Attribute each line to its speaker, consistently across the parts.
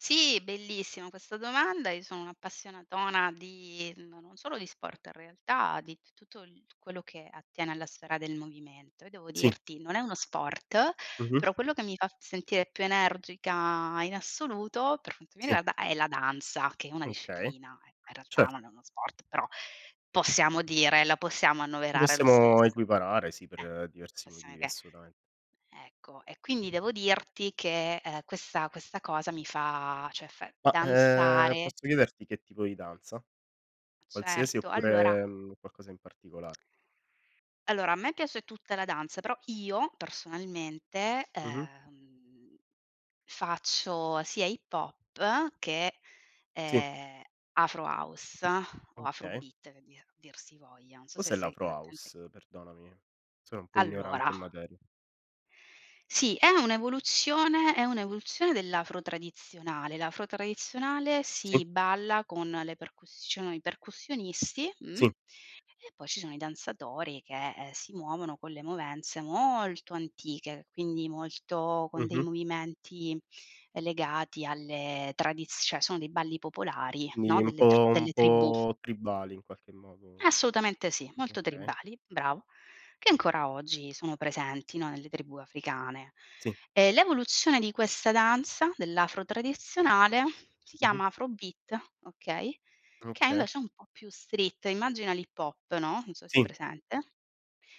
Speaker 1: Sì, bellissima questa domanda. Io sono un'appassionatona di no non solo di sport in realtà, di t tutto il quello che attiene alla sfera del movimento. Io devo
Speaker 2: Sì.
Speaker 1: dirti non è uno sport,
Speaker 2: Mh-mh.
Speaker 1: però quello che mi fa sentire più energica in assoluto, per quanto mi
Speaker 2: Sì.
Speaker 1: riguarda, è la danza, che è una
Speaker 2: Okay,
Speaker 1: disciplina, in realtà
Speaker 2: cer
Speaker 1: non è uno sport, però possiamo dire la possiamo
Speaker 2: Lo
Speaker 1: annoverare lo
Speaker 2: possiamo
Speaker 1: stesso.
Speaker 2: equiparare, sì,
Speaker 1: Eh,
Speaker 2: per diversi
Speaker 1: possiamo
Speaker 2: motivi
Speaker 1: che
Speaker 2: assolutamente.
Speaker 1: ecco. E quindi devo dirti che, ehm, questa questa cosa mi fa, cioè fa
Speaker 2: Ma ehm,
Speaker 1: danzare
Speaker 2: posso chiederti che tipo di danza? Qualsiasi
Speaker 1: Certo, allora
Speaker 2: oppure, mhmm, qualcosa in particolare?
Speaker 1: allora, a me piace tutta la danza però, io, personalmente,
Speaker 2: Mh-mh.
Speaker 1: ehm, faccio sia hip hop che,
Speaker 2: Sì.
Speaker 1: ehm, afro house o afro
Speaker 2: Okay.
Speaker 1: beat che dir dir si voglia. Non so se
Speaker 2: Cos'è
Speaker 1: sai
Speaker 2: l'Afro
Speaker 1: esattamente
Speaker 2: house? Perdonami, sono un po'
Speaker 1: Allora
Speaker 2: ignorante in materia.
Speaker 1: Sì, è un'evoluzione è un'evoluzione dell'afro tradizionale. L'afro tradizionale
Speaker 2: Sì.
Speaker 1: si balla con le percussioni, i percussionisti, mh,
Speaker 2: Sì.
Speaker 1: e poi ci sono i danzatori che, ehm, si muovono con le movenze molto antiche, quindi molto con dei
Speaker 2: Mh-mh.
Speaker 1: movimenti legati alle tradiz cioè sono dei balli popolari,
Speaker 2: Quindi
Speaker 1: no,
Speaker 2: un
Speaker 1: delle tr
Speaker 2: po' un
Speaker 1: delle tribù.
Speaker 2: po' tribali in qualche modo.
Speaker 1: Assolutamente sì, molto
Speaker 2: Okay.
Speaker 1: tribali, bravo, che ancora oggi sono presenti, no, nelle tribù africane.
Speaker 2: Sì.
Speaker 1: E l'evoluzione di questa danza, dell'afro tradizionale, si
Speaker 2: Mh-mh.
Speaker 1: chiama afro beat, okay, che
Speaker 2: Okay.
Speaker 1: invece è un po' più street, immagina l'hip hop, no, non so se hai
Speaker 2: Sì.
Speaker 1: presente,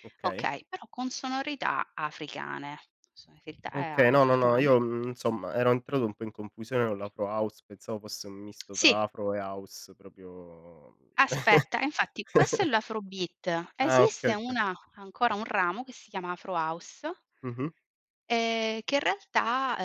Speaker 2: Okay.
Speaker 1: okay, però con sonorità africane, sonorità
Speaker 2: Okay, no, no, no,
Speaker 1: africane
Speaker 2: io, mhmm, insomma ero entrato un po' in confusione con l'Afro House, pensavo fosse un misto
Speaker 1: Sì.
Speaker 2: fra Afro e House proprio
Speaker 1: Aspetta, e infatti questo è l'afro beat.
Speaker 2: Ah, okay,
Speaker 1: Esiste
Speaker 2: okay.
Speaker 1: una ancora un ramo che si chiama Afro House
Speaker 2: Mh-mh.
Speaker 1: e che in realtà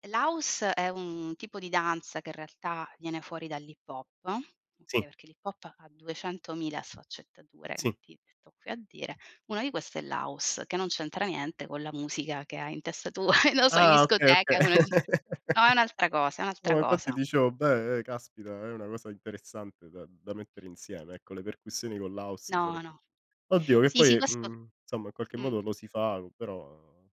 Speaker 1: uhm, l'house è un tipo di danza che in realtà viene fuori dall'hip hop, oka
Speaker 2: Sì.
Speaker 1: perché l'hip hop ha duecentomila sfaccettature, non
Speaker 2: Sì.
Speaker 1: ti metto qui a dire. Una di queste è l'house, che non c'entra niente con la musica che hai in testa tu, lo so, in
Speaker 2: Ah, okay, okay.
Speaker 1: discoteca [unintelligible] no, è un'altra cosa, è
Speaker 2: No,
Speaker 1: un'altra
Speaker 2: ma infatti
Speaker 1: cosa.
Speaker 2: dicevo: "Beh, ehm, caspita è una cosa interessante da da mettere insieme. Ecco le percussioni con l'house
Speaker 1: No,
Speaker 2: sarebbe"
Speaker 1: no.
Speaker 2: oddio che
Speaker 1: Sì, sì
Speaker 2: poi,
Speaker 1: questo
Speaker 2: mhmm, insomma, in qualche
Speaker 1: Mh.
Speaker 2: modo lo si fa co però